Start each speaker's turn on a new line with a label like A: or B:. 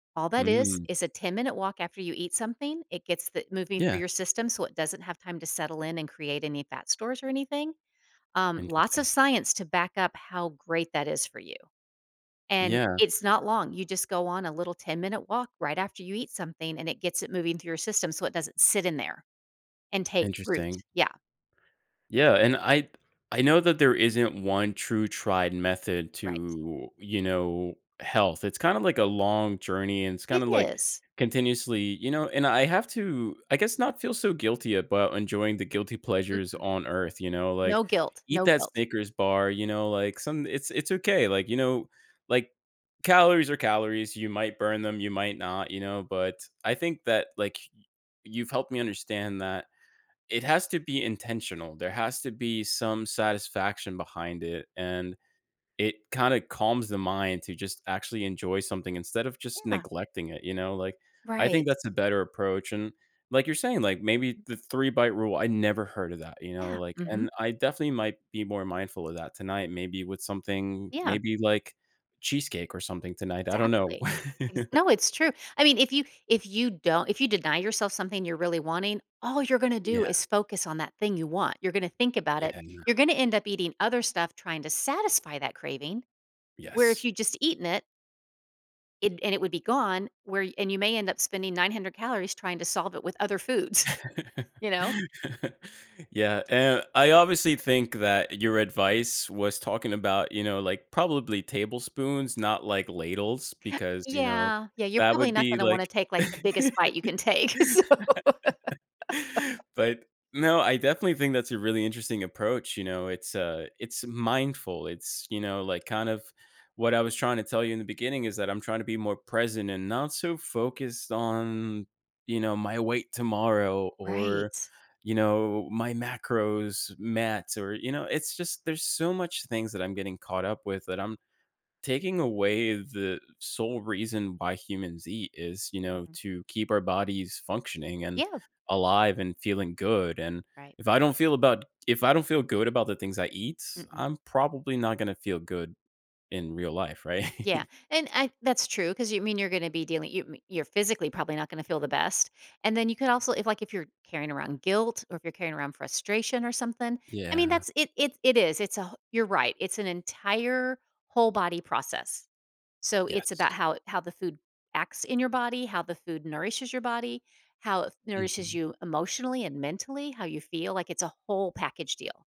A: All that is
B: Mm.
A: is a 10-minute walk after you eat something, it gets the moving through
B: Yeah.
A: your system so it doesn't have time to settle in and create any fat stores or anything. Um, lots of
B: Interesting.
A: science to back up how great that is for you. And
B: Yeah.
A: it's not long, you just go on a little 10-minute walk right after you eat something, and it gets it moving through your system so it doesn't sit in there and take root.
B: Interesting.
A: Yeah.
B: Yeah, and I I know that there isn't one true tried method
A: Right.
B: to, you know, health. It's kinda like a long journey and it's
A: It
B: kinda like
A: is.
B: continuously, you know and I have to, I guess, not feel so guilty about enjoying the guilty pleasures
A: Mm-mm.
B: on Earth, you know,
A: No
B: like,
A: guilt.
B: eat
A: No
B: that
A: guilt.
B: Snickers bar, you know, like, some it's it's okay, like, you know, like calories are calories, you might burn them, you might not, you know, but, I think that, like, y you've helped me understand that it has to be intentional, there has to be some satisfaction behind it, and it kinda calms the mind to just actually enjoy something instead of just
A: Yeah.
B: neglecting it, you know, like, I think
A: Right.
B: that's a better approach, and like you're saying, like, maybe the 3-bite rule I never heard of that, you know,
A: Yeah.
B: like,
A: Mhm.
B: and I definitely might be more mindful of that tonight, maybe with something
A: Yeah.
B: maybe like cheesecake or something tonight. I don't know.
A: Exactly. Is No, it's true. I mean, if you if you don't if you deny yourself something you're really wanting, all you're gonna do
B: Yeah.
A: is focus on that thing you want. You're gonna think about it,
B: Yeah, no.
A: you're gonna end up eating other stuff trying to satisfy that craving, where if
B: Yes.
A: you'd just eaten it it and it would be gone, where and you may end up spending 900 calories trying to solve it with other foods, you know?
B: Yeah, and I obviously think that your advice was talking about, you know, like, probably tablespoons, not, like, ladles because, you know,
A: Yeah. Yeah, you're
B: that
A: probably
B: would
A: not
B: be
A: gonna wanna
B: like
A: take, like, the biggest bite you can take, so
B: But, no, I definitely think that's a really interesting approach, you know, it's, uh, it's mindful, it's, you know, like, kind of what I was trying to tell you in the beginning is that I'm trying to be more present and not so focused on, you know, my weight tomorrow or,
A: Right.
B: you know, my macros, mats or, you know, it's just, there's so much things that I'm getting caught up with that I'm taking away the sole reason why humans eat, is, you know,
A: Mhm.
B: to keep our bodies functioning and
A: Yeah.
B: alive and feeling good, and
A: Right.
B: if I don't feel about if I don't feel good about the things I eat,
A: Mm-mm.
B: I'm probably not gonna feel good in real life, right?
A: Yeah. And I that's true 'cause you mean you're gonna be dealing you me you're physically probably not gonna feel the best. And then you could, also if, like, if you're carrying around guilt or if you're carrying around frustration or something, I mean,
B: Yeah.
A: that's it it's it is. It's a who you're right, it's an entire whole body process. So, it's about
B: Yes.
A: how how the food acts in your body, how the food nourishes your body, how it nourishes
B: Mhm.
A: you emotionally and mentally, how you feel, like, it's a whole package deal.